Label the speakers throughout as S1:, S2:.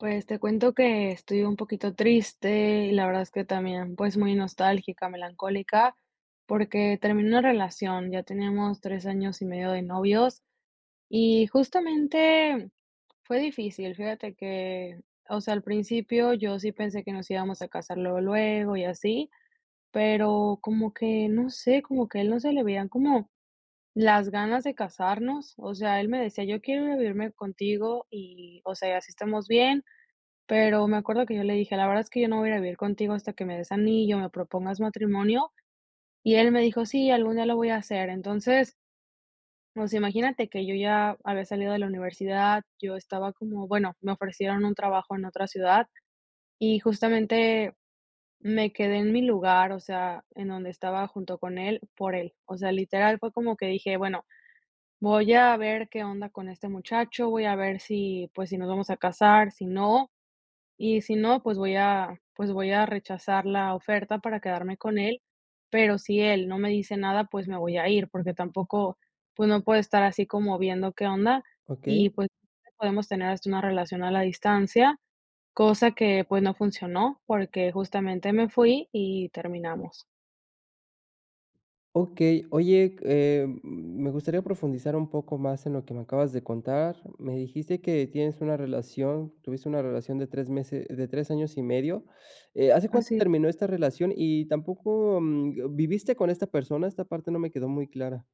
S1: Pues, te cuento que estoy un poquito triste, y la verdad es que también, pues, muy nostálgica, melancólica, porque terminé una relación, ya teníamos 3 años y medio de novios, y justamente fue difícil. Fíjate que, o sea, al principio yo sí pensé que nos íbamos a casar luego, luego y así, pero como que no sé, como que a él no se le veían como, las ganas de casarnos, o sea, él me decía: "yo quiero ir a vivirme contigo" y, o sea, así estamos bien, pero me acuerdo que yo le dije: "la verdad es que yo no voy a vivir contigo hasta que me des anillo, me propongas matrimonio", y él me dijo: "sí, algún día lo voy a hacer". Entonces o sea, imagínate que yo ya había salido de la universidad, yo estaba como, bueno, me ofrecieron un trabajo en otra ciudad, y justamente me quedé en mi lugar, o sea, en donde estaba junto con él, por él. O sea, literal fue como que dije: "bueno, voy a ver qué onda con este muchacho", voy a ver si, pues, si nos vamos a casar, si no, y si no, pues, voy a pues, voy a rechazar la oferta para quedarme con él, pero si él no me dice nada, pues, me voy a ir, porque tampoco, pues no puedo estar así como viendo qué onda,
S2: Okey.
S1: y pues podemos tener hasta una relación a la distancia, cosa que, pues, no funcionó porque justamente me fui y terminamos.
S2: Okey, oye, eh, me gustaría profundizar un poco más en lo que me acabas de contar. Me dijiste que tienes una relación, tuviste una relación de 3 meses de 3 años y medio. Eh, ¿hace cuánto
S1: Así.
S2: terminó esta relación? Y tampoco mm, ¿viviste con esta persona? Esta parte no me quedó muy clara.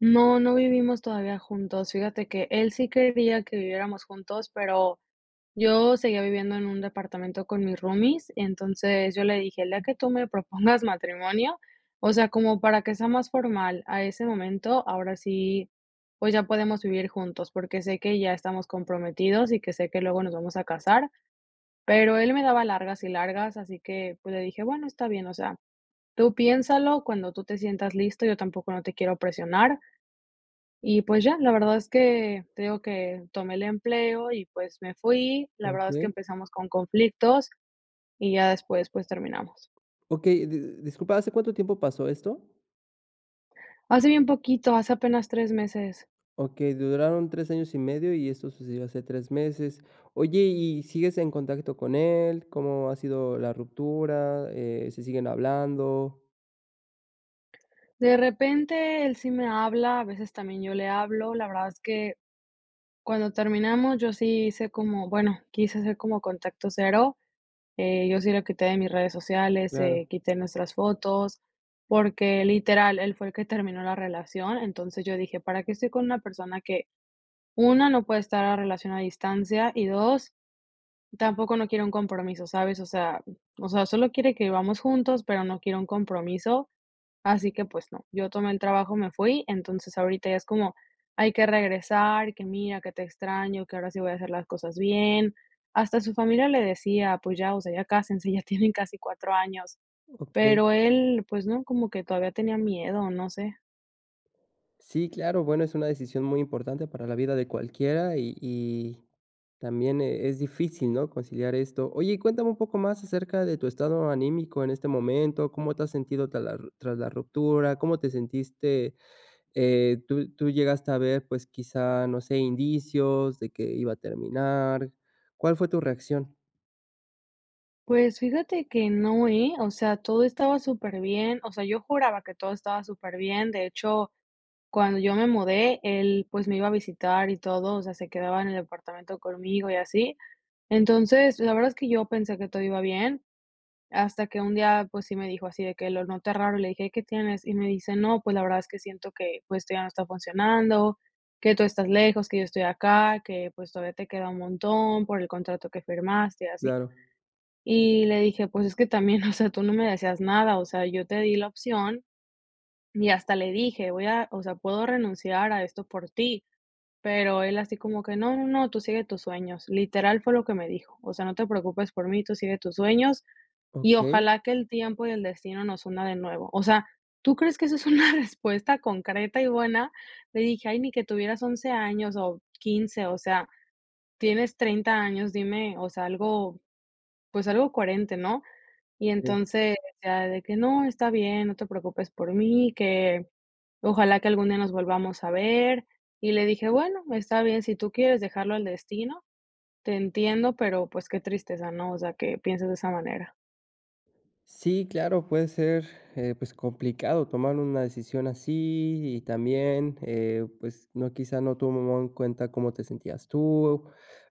S1: No, no vivimos todavía juntos. Fíjate que él sí quería que viviéramos juntos, pero yo seguía viviendo en un departamento con mis roomies, entonces yo le dije: "El día que tú me propongas matrimonio, o sea, como para que sea más formal a ese momento, ahora sí, pues ya podemos vivir juntos, porque sé que ya estamos comprometidos y que sé que luego nos vamos a casar". Pero él me daba largas y largas, así que, pues le dije: "Bueno, está bien, o sea, tú piénsalo cuando tú te sientas listo, yo tampoco no te quiero presionar". Y, pues, ya, la verdad es que te digo que tomé el empleo y, pues, me fui. La verdad es que
S2: Okey.
S1: empezamos con conflictos y ya después, pues, terminamos.
S2: Okey, di di disculpa, ¿hace cuánto tiempo pasó esto?
S1: Hace bien poquito, hace apenas tres meses.
S2: Okey, duraron 3 años y medio, y eso sucedió hace 3 meses. Oye, ¿y sigues en contacto con él? ¿Cómo ha sido la ruptura? Eh, ¿se siguen hablando?
S1: De repente, él sí me habla, a veces, también, yo le hablo. La verdad es que, cuando terminamos, yo sí hice como, bueno, quise hacer como contacto cero, eh, yo sí lo quité de mis redes sociales,
S2: Claro.
S1: eh, quité nuestras fotos, porque, literal, él fue el que terminó la relación. Entonces, yo dije: "¿Para qué estoy con una persona que, una, no puede estar la relación a distancia, y dos, tampoco no quiere un compromiso?", ¿sabes?, o sea o sea, solo quiere que vivamos juntos, pero no quiere un compromiso, así que, pues, no. Yo tomé el trabajo, me fui. Entonces, ahorita ya es como: "Hay que regresar, que mira, que te extraño, que ahora sí voy a hacer las cosas bien". Hasta su familia le decía: "Pues ya, o sea, ya cásense, ya tienen casi 4 años".
S2: Okey.
S1: Pero él, pues, no, como que todavía tenía miedo, o no sé.
S2: Sí, claro, bueno, es una decisión muy importante para la vida de cualquiera y y también, eh, es difícil, ¿no?, conciliar esto. Oye, cuéntame un poco más acerca de tu estado anímico, en este momento, ¿cómo te has sentido tras la tras la ruptura, cómo te sentiste?,eh, ¿tú llegaste a ver, pues, quizá, no sé, indicios de que iba a terminar? ¿Cuál fue tu reacción?
S1: Pues, fíjate que no, eh, o sea, todo estaba superbién, o sea, yo juraba que todo estaba superbién, de hecho, cuando yo me mudé, él, pues, me iba a visitar y todo, o sea, se quedaba en el departamento conmigo y así. Entonces, la verdad es que yo pensé que todo iba bien, hasta que un día, pues, sí me dijo así, de que lo noté raro, y le dije: "¿Qué tienes?". Y me dice: "No, pues, la verdad es que siento que, pues, esto ya no está funcionando, que tú estás lejos, que yo estoy acá, que, pues, todavía te queda un montón, por el contrato que firmaste, y así".
S2: Claro.
S1: Y le dije: "Pues, es que también, o sea, tú no me decías nada, o sea, yo te di la opción", y hasta le dije: "Voy a o sea, puedo renunciar a esto, por ti", pero él así como que: "No, no, no, tú sigue tus sueños", literal, fue lo que me dijo, "O sea, no te preocupes por mí, tú sigue tus sueños, y
S2: Okey.
S1: ojalá que el tiempo y el destino nos una de nuevo", o sea, ¿tú crees que eso es una respuesta concreta y buena? Le dije: "Ay, ni que tuvieras 11 años o 15 o sea, tienes 30 años, dime, o sea, algo, pues, algo coherente, ¿no?". Y
S2: Sí.
S1: entonces, o sea, de que: "No, está bien, no te preocupes por mí, que ojalá que algún día nos volvamos a ver". Y le dije: "Bueno, está bien, si tú quieres dejarlo al destino, te entiendo, pero, pues, qué tristeza, ¿no? O sea, que pienses de esa manera".
S2: Sí, claro. Puede ser, eh pues, complicado tomar una decisión así. Y también, eh, pues, no quizá no tomaba en cuenta, cómo te sentías tú.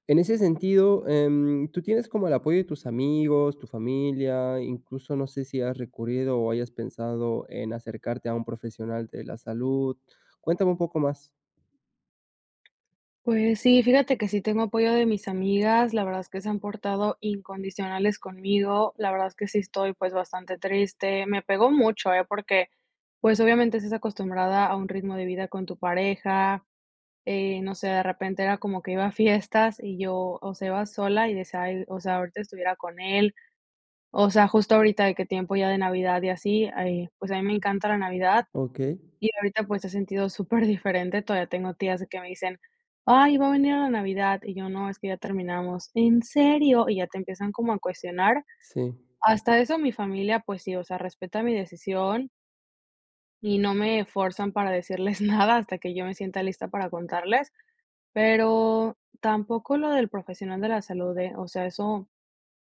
S2: En ese sentido, em, ¿tú tienes como el apoyo de tus amigos, tu familia? Incluso, no sé si has recurrido, o hayas pensado en acercarte a un profesional de la salud. Cuéntame un poco más.
S1: Pues sí, fíjate que sí tengo apoyo de mis amigas, la verdad es que se han portado incondicionales conmigo. La verdad es que sí estoy, pues, bastante triste. Me pegó mucho, ¿eh? Porque, pues, obviamente, estás acostumbrada a un ritmo de vida con tu pareja. Eh, no sé, de repente era como que iba a fiestas, y yo, o sea, iba sola, y decía: "Ay, o sea, ahorita estuviera con él". O sea, justo ahorita, de qué tiempo ya de Navidad, y así. Ay, pues, a mí me encanta la Navidad.
S2: Okey.
S1: Y ahorita, pues, he sentido super diferente. Todavía tengo tías, que me dicen: "Ay, va a venir a la Navidad", y yo: "No, es que ya terminamos. '¿En serio?'" Y ya te empiezan como a cuestionar.
S2: Sí.
S1: Hasta eso, mi familia, pues sí, o sea, respeta mi decisión y no me fuerzan para decirles nada, hasta que yo me sienta lista para contarles. Pero tampoco lo del profesional de la salud, ¿eh? O sea, eso,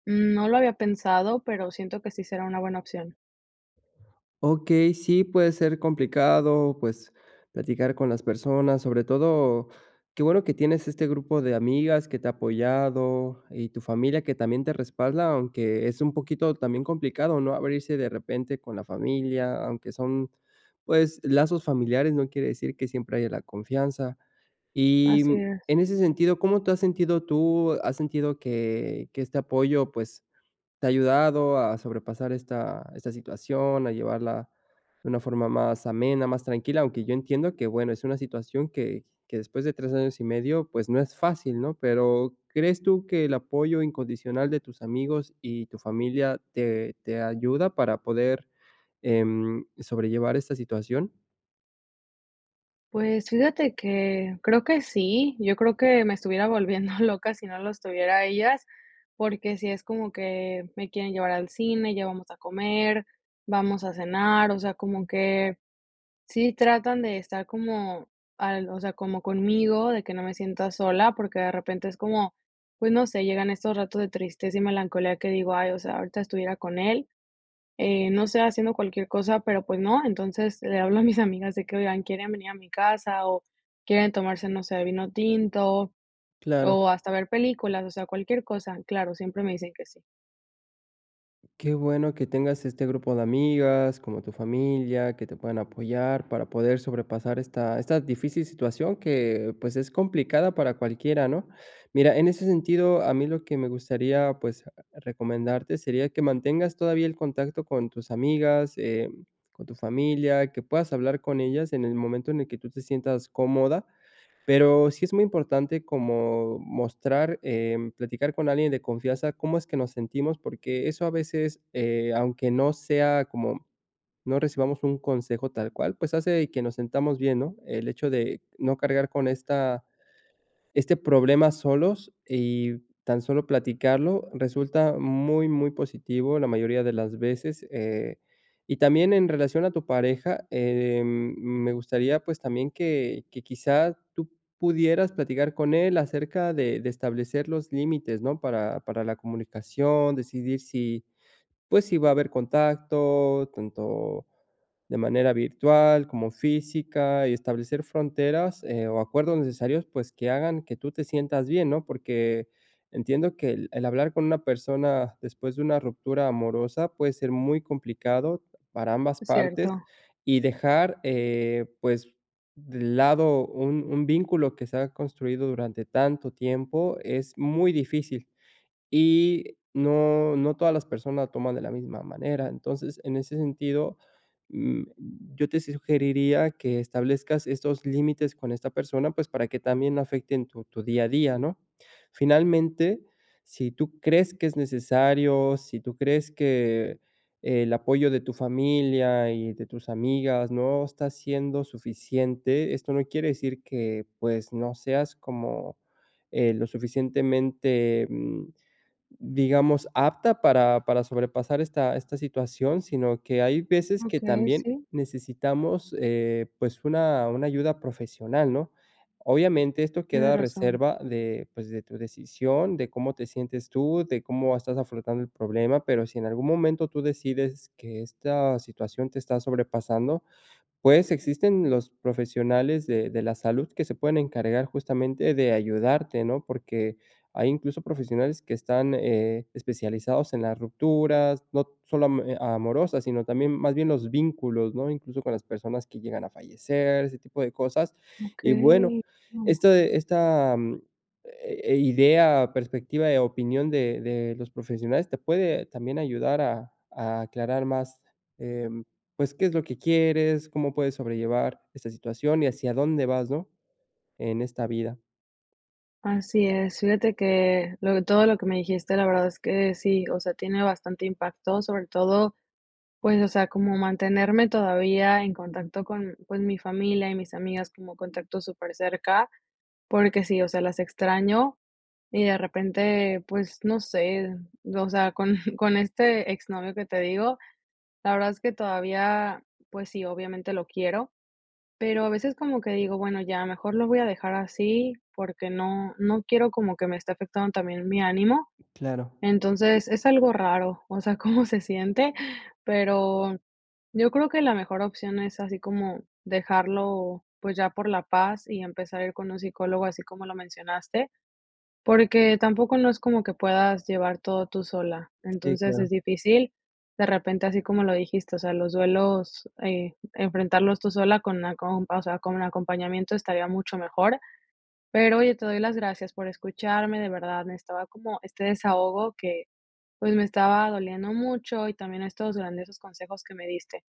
S1: mm, no lo había pensado, pero siento que sí será una buena opción.
S2: Okey. Sí, puede ser complicado, pues, platicar con las personas. Sobre todo, qué bueno que tienes este grupo de amigas, que te ha apoyado, y tu familia, que también te respalda, aunque es un poquito también complicado, ¿no?, abrirse de repente con la familia. Aunque son pues, lazos familiares, no quiere decir que siempre haya la confianza. Y
S1: Así es.
S2: en ese sentido, ¿cómo te has sentido tú? ¿Has sentido que que este apoyo, pues, te ha ayudado a sobrepasar esta esta situación?, a llevarla de una forma más amena, más tranquila. Aunque yo entiendo, que bueno, es una situación, que que después de 3 años y medio, pues, no es fácil, ¿no? Pero, ¿crees tú que el apoyo incondicional de tus amigos y tu familia te te ayuda para poder, em, sobrellevar esta situación?
S1: Pues, fíjate que, creo que sí, yo creo que me estuviera volviendo loca si no los tuviera a ellas, porque sí es como que me quieren llevar al cine, ya vamos a comer, vamos a cenar, o sea, como que sí tratan de estar como al, o sea, como conmigo, de que no me sienta sola, porque de repente es como, pues no sé, llegan estos ratos de tristeza y melancolía que digo, ay, o sea, ahorita estuviera con él, eh, no sé, haciendo cualquier cosa, pero pues no, entonces le hablo a mis amigas de que oigan quieren venir a mi casa o quieren tomarse, no sé, vino tinto,
S2: Claro.
S1: o hasta ver películas, o sea, cualquier cosa. Claro, siempre me dicen que sí.
S2: Qué bueno que tengas este grupo de amigas, como tu familia, que te puedan apoyar para poder sobrepasar esta esta difícil situación que, pues, es complicada para cualquiera, ¿no? Mira, en ese sentido, a mí lo que me gustaría, pues, recomendarte sería que mantengas todavía el contacto con tus amigas, eh, con tu familia, que puedas hablar con ellas en el momento en el que tú te sientas cómoda. Pero sí es muy importante como mostrar, eh, platicar con alguien de confianza cómo es que nos sentimos, porque eso a veces, eh, aunque no sea como no recibamos un consejo tal cual, pues, hace que nos sentamos bien, ¿no? El hecho de no cargar con esta este problema solos y tan solo platicarlo resulta muy, muy positivo la mayoría de las veces, eh y también en relación a tu pareja, eh, me gustaría, pues, también que que quizá tú pudieras platicar con él acerca de de establecer los límites, ¿no? Para para la comunicación, decidir si, pues, si va a haber contacto tanto de manera virtual como física y establecer fronteras, eh, o acuerdos necesarios, pues, que hagan que tú te sientas bien, ¿no? Porque entiendo que el el hablar con una persona después de una ruptura amorosa puede ser muy complicado para ambas
S1: Es
S2: partes
S1: cierto.
S2: y dejar, eh, pues, lado un un vínculo que se ha construido durante tanto tiempo es muy difícil y no no todas las personas toman de la misma manera. Entonces, en ese sentido, mm, yo te sugeriría que establezcas estos límites con esta persona, pues, para que también no afecten tu tu día a día, ¿no? Finalmente, si tú crees que es necesario, si tú crees que el apoyo de tu familia y de tus amigas no está siendo suficiente, esto no quiere decir que, pues, no seas como, eh, lo suficientemente, mm, digamos, apta para para sobrepasar esta esta situación, sino que hay veces que
S1: Okey,
S2: también
S1: sí.
S2: necesitamos, eh, pues una una ayuda profesional, ¿no? Obviamente esto queda
S1: Tienes
S2: a
S1: razón.
S2: reserva de, pues de tu decisión, de cómo te sientes tú, de cómo estás afrontando el problema, pero si en algún momento tú decides que esta situación te está sobrepasando, pues existen los profesionales de de la salud que se pueden encargar justamente de ayudarte, ¿no? Porque hay incluso profesionales que están, eh, especializados en las rupturas, no solo amo e amorosas, sino también más bien los vínculos, ¿no? Incluso con las personas que llegan a fallecer, ese tipo de cosas. Y bueno,
S1: Okey.
S2: esto esta, eh, idea, perspectiva de opinión de de los profesionales te puede también ayudar a a aclarar más, em, pues qué es lo que quieres, cómo puedes sobrellevar esta situación y hacia dónde vas, ¿no? En esta vida.
S1: Así es, fíjate que, lo que todo lo que me dijiste, la verdad es que sí, o sea, tiene bastante impacto, sobre todo, pues, o sea, como mantenerme todavía en contacto con, pues, mi familia y mis amigas como contacto súper cerca, porque sí, o sea, las extraño y de repente, pues, no sé, o sea, con con este ex novio que te digo, la verdad es que todavía, pues sí, obviamente lo quiero, pero a veces como que digo: "Bueno ya, mejor lo voy a dejar así", porque no, no quiero como que me esté afectando también mi ánimo.
S2: Claro.
S1: Entonces es algo raro, o sea, cómo se siente, pero yo creo que la mejor opción es así como dejarlo, pues, ya por la paz y empezar a ir con un psicólogo, así como lo mencionaste, porque tampoco no es como que puedas llevar todo tú sola,
S2: Si,
S1: entonces,
S2: claro.
S1: es difícil, de repente, así como lo dijiste, o sea, los duelos, eh, enfrentarlos tú sola con la compa o sea, con un acompañamiento estaría mucho mejor. Pero, oye, te doy las gracias por escucharme, de verdad, necesitaba como este desahogo que, pues, me estaba doliendo mucho y también estos grandiosos consejos que me diste,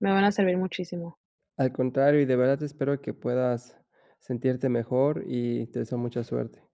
S1: me van a servir muchísimo.
S2: Al contrario, y de verdad espero que puedas sentirte mejor y te deseo mucha suerte.